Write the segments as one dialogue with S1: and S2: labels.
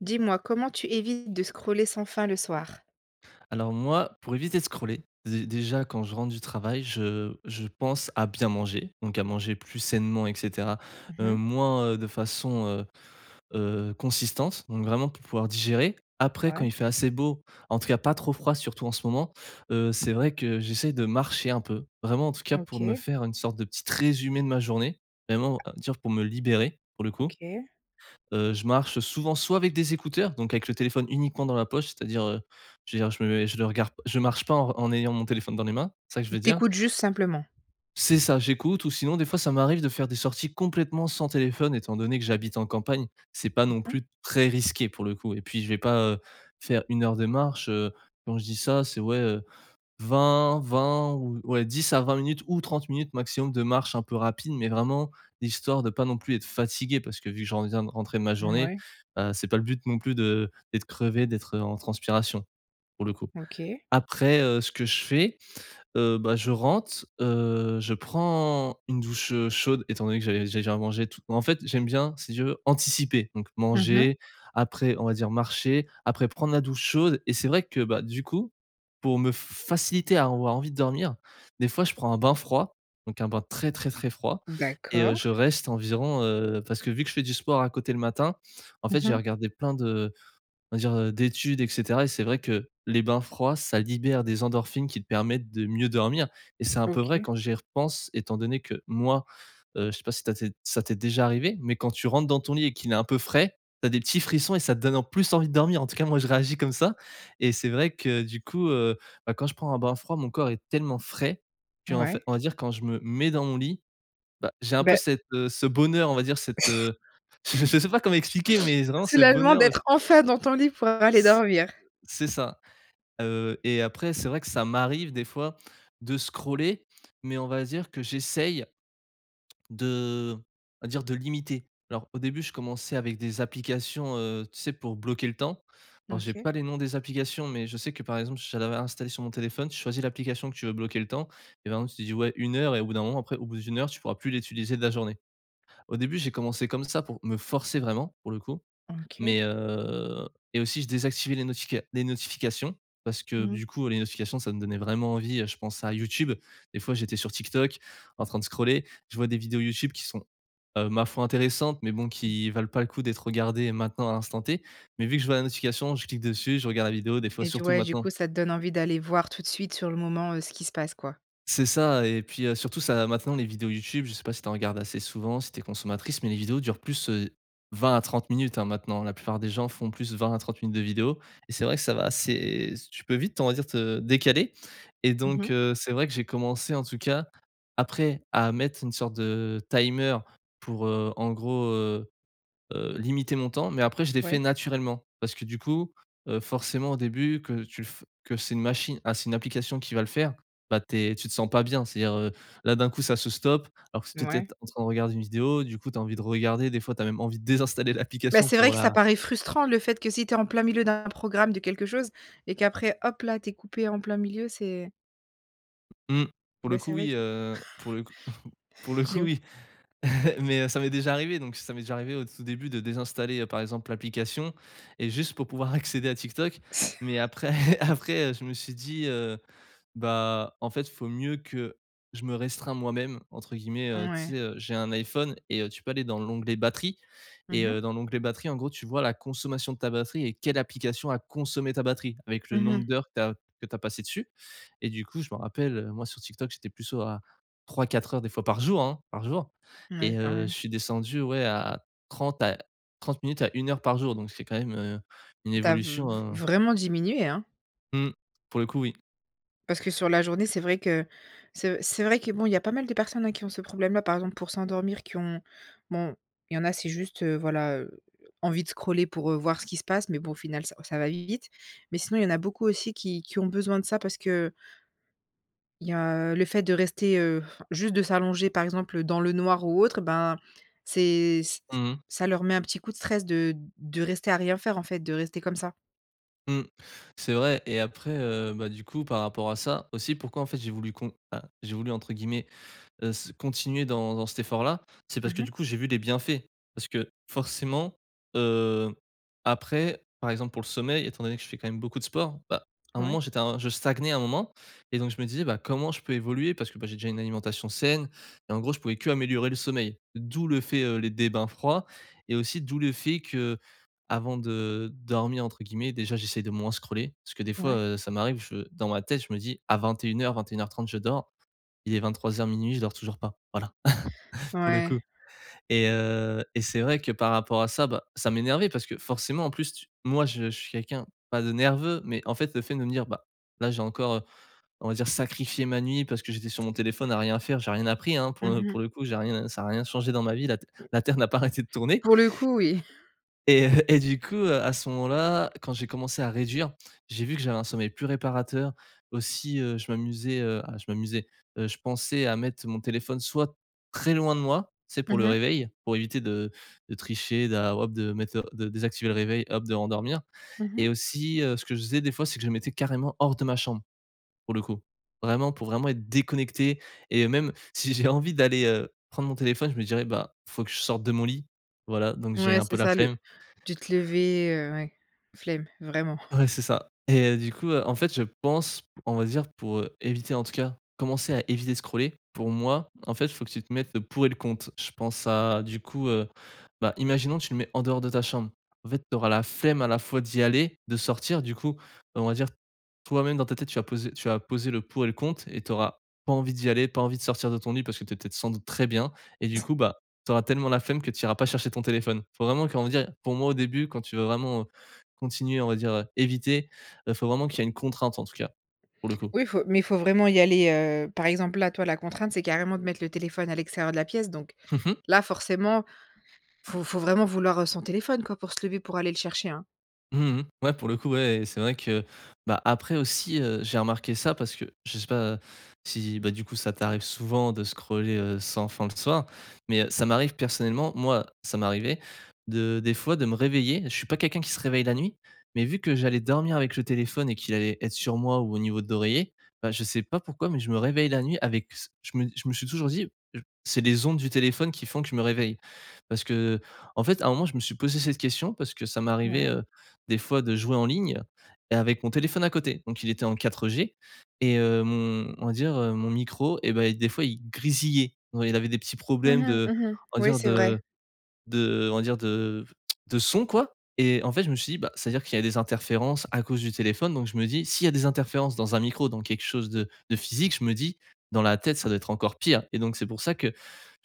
S1: Dis-moi comment tu évites de scroller sans fin le soir?
S2: Alors moi, pour éviter de scroller, dé déjà quand je rentre du travail, je je pense à bien manger, donc à manger plus sainement et cetera,
S1: Mmh
S2: heu,
S1: mh.
S2: moins, heu, de façon, heu heu, consistante, donc vraiment pour pouvoir digérer, après quand
S1: Ouais.
S2: il fait assez beau, en tout cas pas trop froid, surtout en ce moment, heu, c'est vrai que j'essaie de marcher un peu, vraiment en tout cas pour me
S1: OK.
S2: faire une sorte de petite résumé de ma journée, vraiment à me dire pour me libérer pour le coup,
S1: OK.
S2: heu, je marche, heu, souvent soit avec des écouteurs donc avec le téléphone uniquement dans la poche. C'est-à-dire, heu, je veux dire, je me mets je le regarde p je marche pas en re en ayant mon téléphone dans les mains, c'est ça que je veux
S1: Tu
S2: dire.
S1: écoutes juste simplement.
S2: C'est ça, j'écoute ou sinon des fois ça m'arrive de faire des sorties complètement sans téléphone, étant donné que j'habite en campagne. C'est pas
S1: Mmh
S2: non
S1: mh.
S2: plus très risqué pour le coup et puis je vais pas, heu, faire 1 heure de marche, heu, quand je dis ça, c'est ouais, heu, vingt vingt ou ouais 10 à 20 minutes ou 30 minutes maximum de marche un peu rapide, mais vraiment histoire de pas non plus être fatigué. Parce que vu que j'en viens de rentrer de ma journée,
S1: Mouais.
S2: heu, c'est pas le but non plus de d'être crevé, d'être, heu, en transpiration pour le coup.
S1: OK.
S2: Après, heu, ce que je fais, heu, bah, je rentre, heu, je prends une douche, heu, chaude étant donné que j'avais j'ai déjà mangé et tout. Moi en fait, j'aime bien si tu veux anticiper, donc
S1: Mmh mh.
S2: manger, après, on va dire marcher, après prendre la douche chaude et c'est vrai que bah, du coup, pour me f f faciliter à avoir envie de dormir, des fois je prends un bain froid, donc un bain très, très, très froid et heu,
S1: D'accord.
S2: je reste environ, heu, parce que vu que je fais du sport à côté le matin, en
S1: Mmh
S2: fait, j'ai
S1: mh.
S2: regardé plein de on va dire, heu, d'études et cetera et c'est vrai que les bains froids, ça libère des endorphines qui te permettent de mieux dormir, et c'est un peu vrai
S1: OK.
S2: quand j'y repense, étant donné que moi, heu, je sais pas si ta t'es si ça t'es déjà arrivée, mais quand tu rentres dans ton lit et qu'il est un peu frais, tu as des petits frissons et ça te donne en plus envie de dormir. En tout cas, moi je réagis comme ça et c'est vrai que du coup, heu, bah, quand je prends un bain froid, mon corps est tellement frais qu'en fai
S1: Ouais.
S2: on va dire quand je me mets dans mon lit, bah, j'ai un peu
S1: Beh
S2: cette, heu, ce bonheur, on va dire cette, heu, je je sais pas comment expliquer, mais vraiment ce
S1: Soulagement
S2: bonheur le f
S1: d'être enfin dans ton lit pour aller dormir.
S2: C'est ça, heu, et après c'est vrai que ça m'arrive des fois de scroller mais on va dire que j'essaye de on va dire de limiter. Alors au début, je commençais avec des applications, heu, tu sais pour bloquer le temps. Alors j'ai
S1: OK.
S2: pas les noms des applications, mais je sais que par exemple, j'en avais installé sur mon téléphone. Tu choisis l'application que tu veux bloquer le temps et par exemple tu dis ouais 1 heure et au bout d'un moment après au bout d'1 heure, tu pourras plus l'utiliser de la journée. Au début, j'ai commencé comme ça, pour me forcer vraiment pour le coup,
S1: OK.
S2: mais heu et aussi je désactivais les notifica les notifications. Parce que
S1: Mmh mh.
S2: du coup les notifications, ça me donnait vraiment envie, heu, je pense à YouTube, des fois j'étais sur TikTok en train de scroller, je vois des vidéos YouTube qui sont, heu, ma foi intéressantes mais bon
S1: Mmh.
S2: qui valent pas le coup d'être regardé maintenant à l'instant T, mais vu que je vois la notification, je clique dessus, je regarde la vidéo des fois,
S1: Et du
S2: surtout
S1: ouais, du
S2: maintenant.
S1: coup, ça te donne envie d'aller voir tout de suite sur le moment, heu, ce qui se passe, quoi.
S2: C'est ça et puis, heu, surtout ça maintenant les vidéos YouTube, je sais pas si tu en regardes assez souvent, si tu es consommatrice mais les vidéos durent plus, heu, 20 à 30 minutes, hein. Maintenant, la plupart des gens font plus 20 à 30 minutes de vidéos et c'est vrai que ça va assez tu peux vite on va dire te décaler et
S1: Mmh
S2: donc
S1: mh.
S2: heu, c'est vrai que j'ai commencé en tout cas après, à mettre une sorte de heu, timer pour, heu, en gros, heu heu, limiter mon temps mais après je l'ai fait
S1: Ouais.
S2: naturellement. Parce que du coup, heu, forcément au début que tu le f que c'est une machine ah c'est une application qui va le faire, bah tu es tu te sens pas bien, c'est-à-dire, heu, là d'un coup ça se stoppe. Alors que tu était
S1: Mouais.
S2: peut-être en train de regarder une vidéo, du coup tu as envie de regarder des fois, tu as même envie de désinstaller
S1: Bah,
S2: l'application
S1: c'est vrai
S2: pour
S1: que ça
S2: la
S1: paraît frustrant le fait que si tu es en plein milieu d'un programme de quelque chose et qu'après, hop là, tu es coupé en plein milieu, c'est
S2: Mmh, pour le
S1: Bah,
S2: coup
S1: c'est vrai
S2: oui,
S1: que
S2: heu, pour le c pour le coup,
S1: j'ima
S2: oui, heu, mais heu, ça m'est déjà arrivé donc ça m'est déjà arrivé au tout début de désinstaller, heu, par exemple l'application et juste pour pouvoir accéder à Tik Tok,
S1: S
S2: mais après après, heu, je me suis dit, heu: «Bah en fait faut mieux que je me restreins "moi-même"» entre guillemets, heu, tu
S1: Ouais.
S2: sais, heu, j'ai un IPhone et heu, tu peux aller dans l'onglet batterie et
S1: Mmh mh.
S2: heu, dans l'onglet batterie en gros, tu vois la consommation de ta batterie et quelle application a consommée ta batterie, avec le
S1: Mmh
S2: nombre
S1: mh.
S2: d'heures que tu as que tu as passé dessus. Et du coup je m'en rappelle, heu, moi sur Tik Tok, j'étais plus sur à 3-4 heures des fois par jour, hein, par jour et
S1: Ouais, quand
S2: heu, je
S1: même.
S2: suis descendu, ouais, à 30 à 30 minutes à 1 heure par jour donc c'est quand même, heu, une
S1: Tu as v
S2: évolution,
S1: v
S2: heu
S1: vraiment diminué, hein!
S2: Mmh. Pour le coup, oui.
S1: Parce que sur la journée, c'est vrai que c'est c'est vrai que, bon, il y a pas mal de personnes, hein, qui ont ce problème-là. Par exemple pour s'endormir qui ont bon, il y en a c'est juste, heu voilà, heu, envie de scroller pour, heu, voir ce qu'il se passe, mais bon au final ça ça va vite. Mais sinon il y en a beaucoup aussi qui qui ont besoin de ça, parce que il y a le fait de rester, heu, juste de s'allonger par exemple, heu, dans le noir ou autre et ben, c'est ç ç
S2: Mmh mh.
S1: ça leur met un petit coup de stress de de rester à rien faire en fait, de rester comme ça.
S2: Mmh. C'est vrai et après heu bah, du coup par rapport à ça aussi, pourquoi en fait, j'ai voulu con ah, j'ai voulu entre guillemets, heu, ce «continuer dans dans cet effort-là» c'est
S1: Mmh
S2: parce que
S1: mh.
S2: du coup, j'ai vu des bienfaits. Parce que forcément, heu, après, par exemple pour le sommeil, étant donné que je fais quand même beaucoup de sport. Bah, à un
S1: Ouais.
S2: moment j'étais un je stagnais à un moment et donc je me disais: «Bah, comment je peux évoluer?» parce que bah, j'ai déjà une alimentation saine et en gros, je pouvais qu'améliorer le sommeil. D'où le fait, heu, les des bains froids et aussi d'où le fait qu'avant de «dormir» entre guillemets, déjà j'essaie de moins scroller, parce que des fois,
S1: Ouais.
S2: heu, ça m'arrive, je dans ma tête, je me dis: «À 21:00 21:30 je dors». Il est 23:00-00:00 je dors toujours pas. Voilà, pour le coup
S1: Ouais.
S2: et heu et c'est vrai que par rapport à ça, bah, ça m'énervait. Parce que forcément, en plus tu moi je je suis quelqu'un pas de nerveux mais en fait, le fait de me dire: «Bah, là j'ai encore, heu, on va dire sacrifié ma nuit parce que j'étais sur mon téléphone, à rien faire, j'ai rien appris, hein, pour
S1: Mmh
S2: le pour
S1: mh.
S2: le coup, j'ai rien ça a rien changé dans ma vie, la te la terre n'a pas arrêté de tourner»
S1: Pour le coup, oui.
S2: et et et heu et du coup, heu, à ce moment là, quand j'ai commencé à réduire, j'ai vu que j'avais un sommeil plus réparateur. Aussi, heu, je m'amusais, heu, à je m'amusais, heu, je pensais à mettre mon téléphone soit très loin de moi, tu sais, pour
S1: Mmh
S2: le
S1: mh.
S2: réveil, pour éviter de de tricher, d alors hop de mettre le de désactiver le réveil, hop de me rendormir
S1: Mmh
S2: et
S1: mh.
S2: aussi, heu, ce que je faisais des fois, c'est que je le mettais carrément hors de ma chambre, pour le coup. Vraiment, pour vraiment être déconnecté et même si j'ai envie d'aller, heu, prendre mon téléphone je me dirais: «Bah, faut que je sorte de mon lit», voilà, donc j'ai
S1: Ouais,
S2: un peu
S1: c'est
S2: la
S1: ça le
S2: flemme.
S1: tu te levais, heu, ouais, flemme, vraiment.
S2: Ouais, c'est ça et heu, du coup, heu, en fait je pense, on va dire pour, heu, éviter, en tout cas, commencer à éviter de scroller. Pour moi en fait, il faut que tu te mettes le pour et le contre. Je pense à du coup, heu, bah, imaginons que tu le mets en dehors de ta chambre, en fait tu auras la flemme à la fois d'y aller, de sortir du coup, on va dire, toi même dans ta tête, tu vas poser tu vas poser le pour et le contre et tu auras pas envie d'y aller, pas envie de sortir de ton lit parce que tu es peut-être sans doute très bien et du coup bah, tu auras tellement la flemme que tu iras pas chercher ton téléphone. Faut vraiment comment dire? Pour moi au début quand tu veux vraiment, heu, continuer on va dire, heu, éviter, heu faut vraiment qu'il y ait une contrainte en tout cas, pour le coup.
S1: Oui faut mais faut vraiment y aller, heu, par exemple, là, toi la contrainte c'est carrément de mettre le téléphone à l'extérieur de la pièce. Donc,
S2: Mmh mh.
S1: là forcément, faut faut vraiment vouloir, heu, son téléphone quoi, pour se lever pour aller le chercher, hein.
S2: Mmh mh, ouais, pour le coup, ouais, et c'est vrai que bah, après aussi, heu, j'ai remarqué ça parce que je sais pas si, bah, du coup, ça t'arrive souvent de scroller, heu, sans fin le soir? Mais, heu, ça m'arrive personnellement, moi ça m'arrivait de des fois de me réveiller. Je suis pas quelqu'un qui se réveille la nuit, mais vu que j'allais dormir avec le téléphone et qu'il allait être sur moi ou au niveau de l'oreiller, bah, je sais pas pourquoi, mais je me réveille la nuit avec s je me je me suis toujours dit: «J c'est les ondes du téléphone qui font que je me réveille». Parce que en fait, à un moment, je me suis posé cette question, parce que ça m'arrivait,
S1: Ouais.
S2: heu, des fois de jouer en ligne, et avec mon téléphone à côté. Donc il était en 4G et hem, on va dire, heu, mon micro, et bah, il des fois, il grésillait. Ouais, il avait des petits problèmes
S1: Mmh mh.
S2: de
S1: Mmh mh.
S2: on va
S1: Oui,
S2: dire,
S1: c'est vrai.
S2: de de on va dire de v de son quoi, et en fait, je me suis dit bah, c'est-à-dire qu'il y a des interférences à cause du téléphone, donc je me dis: «S'il y a des interférences dans un micro, dans quelque chose de de physique», je me dis: «dans la tête, ça doit être encore pire». Et donc, c'est pour ça que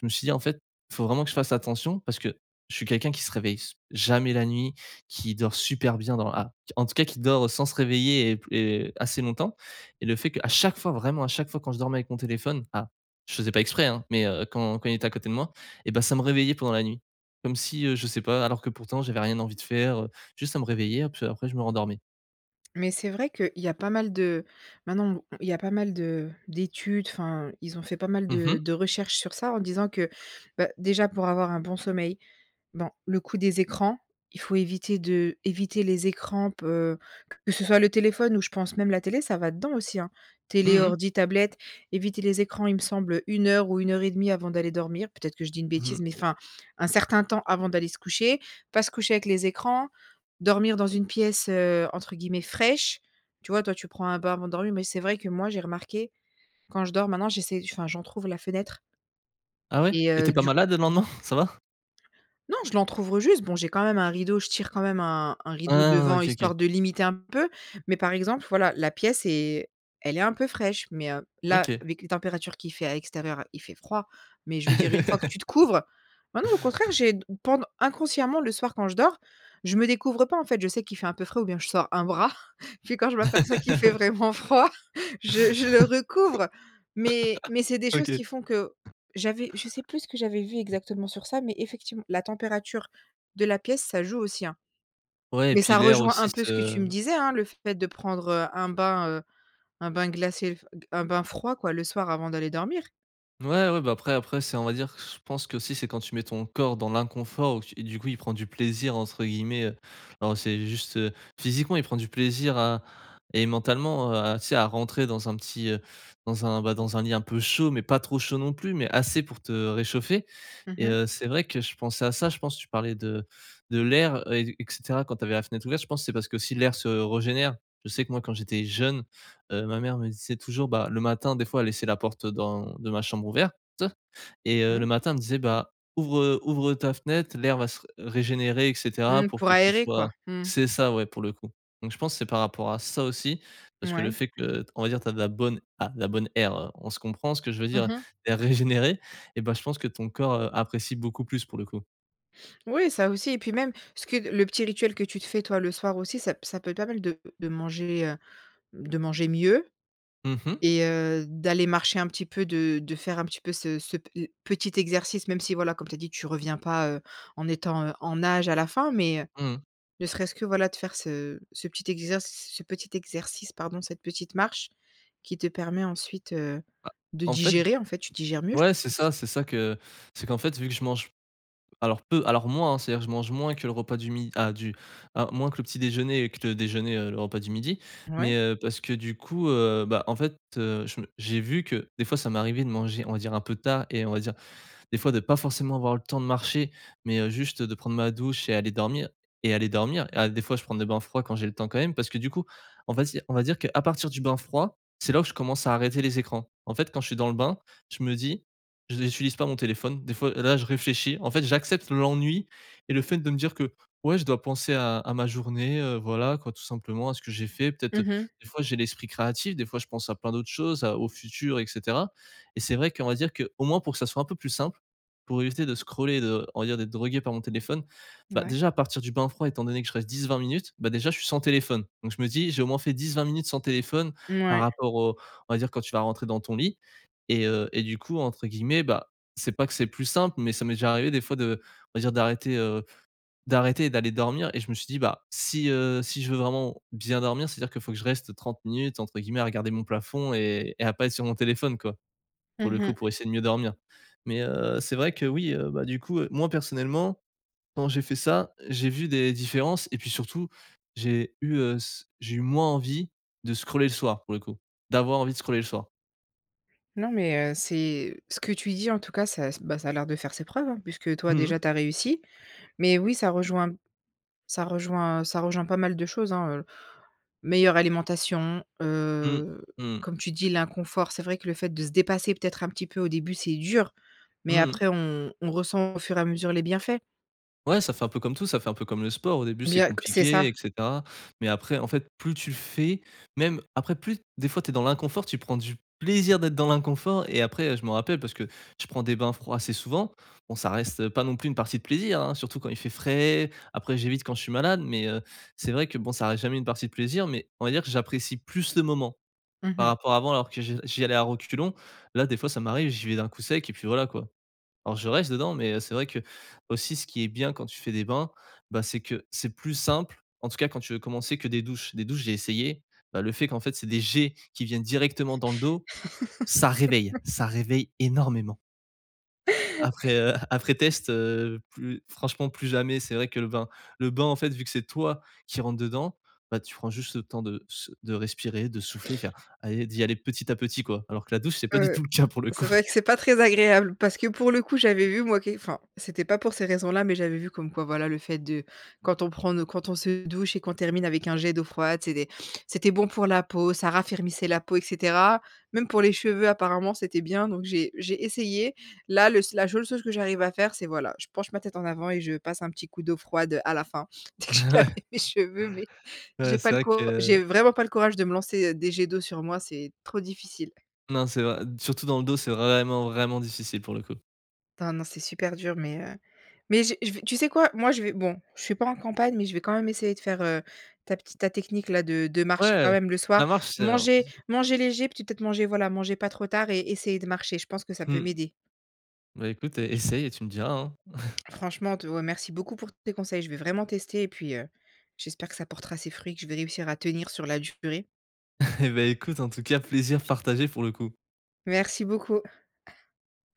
S2: je me suis dit: «En fait, faut vraiment que je fasse attention.» Parce que je suis quelqu'un qui se réveille s jamais la nuit, qui dort super bien dans la en tout cas qui dort sans se réveiller et p et assez longtemps, et le fait qu'à chaque fois, vraiment à chaque fois, quand je dormais avec mon téléphone à je faisais pas exprès, hein, mais, heu, quand quand il était à côté de moi, et bah ça me réveillait pendant la nuit. Comme si, heu, je sais pas alors que pourtant, j'avais rien envie de faire, heu, juste à me réveiller après je me rendormais.
S1: Mais c'est vrai qu' il y a pas mal de maintenant, il y a pas mal de d'études. Enfin, ils ont fait pas mal
S2: Mmh mh.
S1: de de recherches sur ça, en disant que, bah, déjà, pour avoir un bon sommeil bon, le coup des écrans, il faut éviter de éviter les écrans, peu que ce soit le téléphone ou, je pense, même la télé, ça va dedans aussi, hein. Télé,
S2: Mmh mh.
S1: ordis, tablettes, éviter les écrans, il me semble, heu 1 heure ou 1,5 avant d'aller dormir. Peut-être que je dis une
S2: Mmh
S1: bêtise,
S2: mh.
S1: mais enfin, un certain temps avant d'aller se coucher, pas se coucher avec les écrans, dormir dans une pièce, heu, entre guillemets «fraîche», tu vois. Toi, tu prends un bain avant de dormir, mais c'est vrai que, moi, j'ai remarqué, quand je dors, maintenant, j'essaie enfin, j'entrouvre la fenêtre
S2: Ah ouais?
S1: et
S2: Et tu es
S1: heu,
S2: pas
S1: du coup
S2: malade le lendemain, ça va?
S1: Non, je l'entrouvre, heu, juste. Bon, j'ai quand même un rideau. Je tire quand même un un
S2: Hein
S1: rideau
S2: hein,
S1: devant,
S2: OK OK.
S1: histoire de limiter un peu. Mais, par exemple, voilà, la pièce est elle est un peu fraîche, mais heu, là,
S2: OK.
S1: avec les températures qu'il fait à l'extérieur, il fait froid. Mais je veux dire, une fois que tu te couvres ah non, au contraire, j'ai pend inconsciemment, le soir, quand je dors, je me découvre pas, en fait. Je sais qu'il fait un peu frais ou bien je sors un bras. Puis, quand je m'aperçois qu'il fait vraiment froid, je je le recouvre. Mais mais c'est des choses
S2: OK.
S1: qui font que j'avais je sais plus ce que j'avais vu exactement sur ça, mais, effectivement, la température de la pièce, ça joue aussi, hein.
S2: Ouais, et puis
S1: Ça
S2: l'air
S1: rejoint un
S2: aussi
S1: peu ce que tu
S2: se
S1: me disais, hein, le fait de prendre, heu, un bain, heu un bain glacé, un bain froid, quoi, le soir avant d'aller dormir.
S2: Ouais, ouais. Bah après après c'est on va dire, je pense qu'aussi c'est quand tu mets ton corps dans l'inconfort ou tu et du coup, «il prend du plaisir» entre guillemets, heu, alors c'est juste, heu, physiquement, il prend du plaisir à et mentalement, heu, à tu sais à rentrer dans un petit, heu, dans un, bah, dans un lit un peu chaud. Mais pas trop chaud non plus, mais assez pour te réchauffer
S1: Mmh
S2: et
S1: mh.
S2: heu, c'est vrai que je pensais à ça. Je pense, tu parlais de de l'air et et cetera quand tu avais la fenêtre ouverte, je pense, c'est parce qu'aussi l'air se régénère. Je sais que moi quand j'étais jeune, heu, ma mère me disait toujours, bah, le matin des fois elle laissait la porte dans de ma chambre ouverte et heu, le
S1: Mmh.
S2: matin elle me disait bah: «Ouvre, heu, ouvre ta fenêtre, l'air va se régénérer et cetera,
S1: Mmh,
S2: pour
S1: pour
S2: que tu
S1: aérer quoi,
S2: sois»
S1: mmh.
S2: c'est ça, ouais pour le coup. Donc je pense que c'est par rapport à ça aussi. Parce que le
S1: Mouais.
S2: fait que t on va dire tu as de la bonne ah, la bonne air on se comprend, ce que je veux
S1: Mmh
S2: dire,
S1: mh.
S2: l'air régénéré et bah, je pense que ton corps, heu, apprécie beaucoup plus pour le coup.
S1: Oui, ça aussi et puis même ce que le petit rituel que tu te fais toi le soir aussi, ça p ça peut être pas mal, de de manger, heu, de manger mieux
S2: Mmh mh.
S1: et heu, d'aller marcher un petit peu, de de faire un petit peu ce ce pe heu, petit exercice. Même si voilà comme tu as dit, tu reviens pas, heu, en étant, heu, en âge à la fin. Mais heu,
S2: Mmh mh.
S1: ne serait-ce que voilà, de faire ce ce petit exer s ce petit exercice, pardon. Cette petite marche qui te permet ensuite, heu,
S2: Ah,
S1: de
S2: en fait,
S1: digérer, en fait, tu digères mieux je
S2: ouais, c'est
S1: pense.
S2: ça. C'est ça que c'est qu'en fait vu que je mange alors peu, alors moins, hein. C'est-à-dire je mange moins que le repas du mi à du à moins que le petit déjeuner et que le déjeuner, heu, le repas du midi. Mais
S1: Ouais.
S2: heu, parce que du coup, heu bah, en fait, heu, je me j'ai vu que des fois ça m'est arrivé de manger on va dire un peu tard et on va dire des fois de pas forcément avoir le temps de marcher. Mais heu, juste de prendre ma douche et aller dormir et aller dormir à des fois je prends des bains froids quand j'ai le temps, quand même. Parce que du coup, on va dire on va dire qu'à partir du bain froid, c'est là ou je commence à arrêter les écrans. En fait, quand je suis dans le bain, je me dis: «Je n'utilise pas mon téléphone» des fois là, je réfléchis en fait, j'accepte l'ennui et le fait de me dire que, ouais, je dois penser à à ma journée, heu, voilà quoi tout simplement, à ce que j'ai fait. Peut-être, heu,
S1: Mmh mh.
S2: des fois j'ai l'esprit créatif, des fois je pense à plein d'autres choses à au futur et cetera et c'est vrai qu'on va dire qu'au moins pour que ça soit un peu plus simple, pour éviter de scroller, de on va dire d'être drogué par mon téléphone. Bah,
S1: Ouais.
S2: déjà à partir du bain froid, étant donné que je reste 10-20 minutes, bah, déjà je suis sans téléphone. Donc je me dis: «J'ai au moins fait 10-20 minutes sans téléphone» par
S1: Mouais.
S2: rapport au on va dire quand tu vas rentrer dans ton lit et heu et du coup, entre guillemets, bah, c'est pas que c'est «plus simple» mais ça m'est déjà arrivé des fois de on va dire d'arrêter, heu d'arrêter et d'aller dormir et je me suis dit: «Bah, si heu si je veux vraiment bien dormir c'est-à-dire qu'il faut que je reste 30 minutes entre guillemets à "regarder mon plafond" et et à pas être sur mon téléphone,» quoi. pour
S1: Mmh
S2: le coup,
S1: mh.
S2: pour essayer de mieux dormir. Mais heu, c'est vrai que, oui, heu bah du coup, moi personnellement, quand j'ai fait ça, j'ai vu des différences et puis surtout j'ai eu, heu, s j'ai eu moins envie de scroller le soir pour le coup d'avoir envie de scroller le soir.
S1: Non mais heu, c'est ce que tu dis, en tout cas, ça bah, ça a l'air de faire ses preuves, hein, puisque toi
S2: Mmh mh.
S1: déjà tu as réussi. Mais oui, ça rejoint ça rejoint ça rejoint pas mal de choses, hein, heu, meilleure alimentation,
S2: Mmh.
S1: heu,
S2: Mmh.
S1: comme tu dis l'inconfort, c'est vrai que le fait de se dépasser peut-être un petit peu au début, c'est dur.
S2: Mmh
S1: Mais
S2: mh.
S1: après on on ressent au fur et à mesure les bienfaits.
S2: Ouais, ça fait un peu comme tout, ça fait un peu comme le sport, au début c'est
S1: Bien, que c'est ça.
S2: compliqué et cetera. Mais après en fait, plus tu le fais, même après plus des fois tu es dans l'inconfort, tu prends du plaisir d'être dans l'inconfort et après je m'en rappelle parce que je prends des bains froids assez souvent. Bon, ça reste, heu, pas non plus une partie de plaisir, hein. Surtout quand il fait frais, après j'évite quand je suis malade, mais heu, c'est vrai que bon, ça reste jamais une partie de plaisir, mais on va dire que j'apprécie plus le moment
S1: Mmh
S2: par
S1: mh.
S2: rapport à avant alors que je j'y allais à reculons. Là des fois ça m'arrive, j'y vais d'un coup sec et puis voilà, quoi. Alors, je reste dedans mais heu, c'est vrai qu'aussi ce qui est bien quand tu fais des bains, bah, c'est que c'est plus simple, en tout cas quand tu veux commencer que des douches. Des douches, j'ai essayé, bah, le fait qu'en fait, c'est des jets qui viennent directement dans le dos, ça réveille, ça réveille énormément. Après heu après test, heu, plus franchement plus jamais, c'est vrai que le bain le bain en fait, vu que c'est toi qui rentre dedans, bah, tu prends juste le temps de sou de respirer, de souffler, faire: «Ah» et d'y aller petit à petit, quoi. Alors que la douche, c'est pas du
S1: Heu,
S2: tout le cas pour le coup.
S1: c'est vrai que c'est pas très agréable parce que pour le coup, j'avais vu moi qui enfin, c'était pas pour ces raisons-là, mais j'avais vu comme quoi, voilà, le fait de quand on prend nos quand on se douche et qu'on termine avec un jet d'eau froide, c'est des c'était bon pour la peau, ça raffermissait la peau et cetera. Même pour les cheveux apparemment, c'était bien, donc j'ai j'ai essayé. Là, le s la seule chose que j'arrive à faire, c'est voilà, je penche ma tête en avant et je passe un petit coup d'eau froide, heu, à la fin. Dès que j'ai lavé
S2: Ouais.
S1: mes cheveux, mais
S2: Ouais,
S1: j'ai
S2: c'est
S1: pas le
S2: vrai
S1: cour j'ai
S2: que
S1: vraiment pas le courage de me lancer des jets d'eau sur moi, c'est trop difficile.
S2: Non, c'est vrai, n surtout dans le dos, c'est vraiment, vraiment difficile pour le coup.
S1: Enfin non, c'est super dur, mais heu mais j'ai je vais tu sais quoi? Moi je vais bon, je suis pas en campagne, mais je vais quand même essayer de faire, heu, ta petite ta technique-là, de de marcher quand
S2: Ouais,
S1: même le
S2: la
S1: soir.
S2: marche c'est un
S1: Manger
S2: [unintelligible]
S1: manger léger puis peut-être manger, voilà, manger pas trop tard et essayer de marcher. Je pense que ça peut
S2: Mmh,
S1: m'aider.
S2: bah, écoute e essaye et tu me diras, hein.
S1: Franchement te remercie beaucoup pour tes conseils, je vais vraiment tester et puis, heu, j'espère que ça portera ses fruits, que je vais réussir à tenir sur la durée.
S2: Et beh écoute en tout cas, plaisir partagé pour le coup.
S1: Merci beaucoup.